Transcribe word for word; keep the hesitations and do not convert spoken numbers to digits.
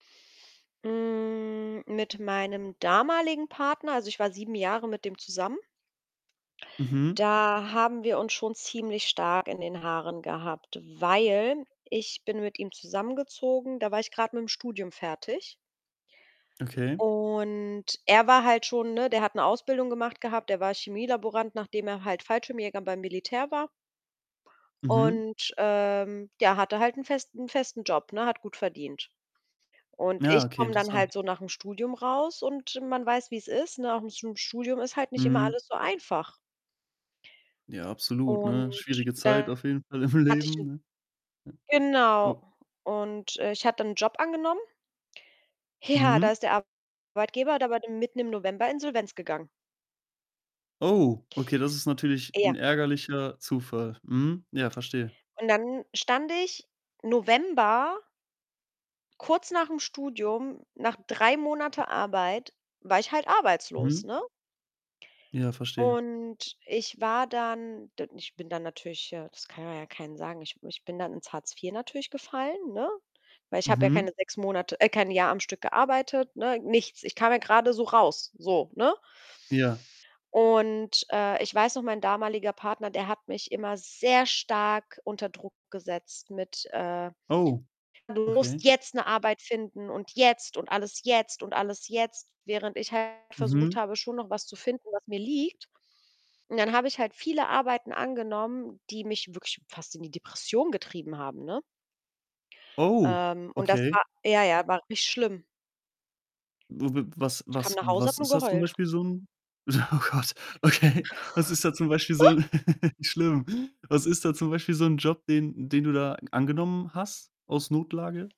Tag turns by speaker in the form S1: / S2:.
S1: Hm, mit meinem damaligen Partner also, ich war sieben Jahre mit dem zusammen.
S2: Mhm.
S1: Da haben wir uns schon ziemlich stark in den Haaren gehabt, weil ich bin mit ihm zusammengezogen, da war ich grad mit'm Studium fertig.
S2: Okay.
S1: Und er war halt schon, ne der hat 'ne Ausbildung gemacht gehabt. Der war Chemielaborant, nachdem er halt Fallschirmjäger beim Militär war.
S2: Mhm.
S1: Und, ähm, ja, hatte halt 'n festen 'n festen Job, ne, hat gut verdient. Und
S2: Ja,
S1: ich
S2: okay,
S1: komme dann
S2: interessant.
S1: halt so nach'm Studium raus und man weiß, wie's ist, ne? Auch [unintelligible] Studium ist halt nicht immer
S2: Mhm.
S1: alles so einfach.
S2: Ja, absolut,
S1: Und
S2: ne? Schwierige Zeit
S1: [unintelligible]
S2: auf jeden Fall im
S1: hatte ich
S2: Leben,
S1: 'n
S2: ne?
S1: Genau,
S2: Oh.
S1: und, äh, ich habe dann 'n Job angenommen. Ja, da
S2: Mhm.
S1: ist der Arbeitgeber da war der mitten im November Insolvenz gegangen.
S2: Oh, okay, das ist natürlich
S1: Ja.
S2: 'n ärgerlicher Zufall. Mhm. Ja, verstehe.
S1: Und dann stand ich, November kurz nach'm Studium, nach drei Monate Arbeit war ich halt arbeitslos,
S2: Mhm.
S1: ne?
S2: Ja, verstehe.
S1: Und ich war dann, d ich bin dann natürlich ja, das kann man ja keinem sagen, ich ich bin dann ins Hartz vier natürlich gefallen, ne? Weil ich habe ja
S2: Mhm.
S1: keine sechs Monate äh, kein Jahr am Stück gearbeitet, ne, nichts. Ich kam ja grade so raus, so, ne?
S2: Ja.
S1: Und, äh, ich weiß noch, mein damaliger Partner, der hat mich immer sehr stark unter Druck gesetzt mit, äh:
S2: Oh,
S1: „Du musst
S2: okay.
S1: jetzt 'ne Arbeit finden“ und „jetzt“, und alles „jetzt“ und alles „jetzt“, während ich halt versucht
S2: Mhm.
S1: habe, schon noch was zu finden, was mir liegt. Und dann habe ich halt viele Arbeiten angenommen, die mich wirklich fast in die Depression getrieben haben, ne?
S2: Oh,
S1: Ähm, und das
S2: okay.
S1: war ja, ja, war richtig schlimm.
S2: W w was
S1: Ich kam
S2: was
S1: nach Hause, habe
S2: was
S1: nur
S2: ist das zum
S1: geheult.
S2: Beispiel so 'n oh Gott, okay. Was ist da zum Beispiel so, schlimm? Was ist da zum Beispiel so 'n Job, den den du da angenommen hast aus Notlage?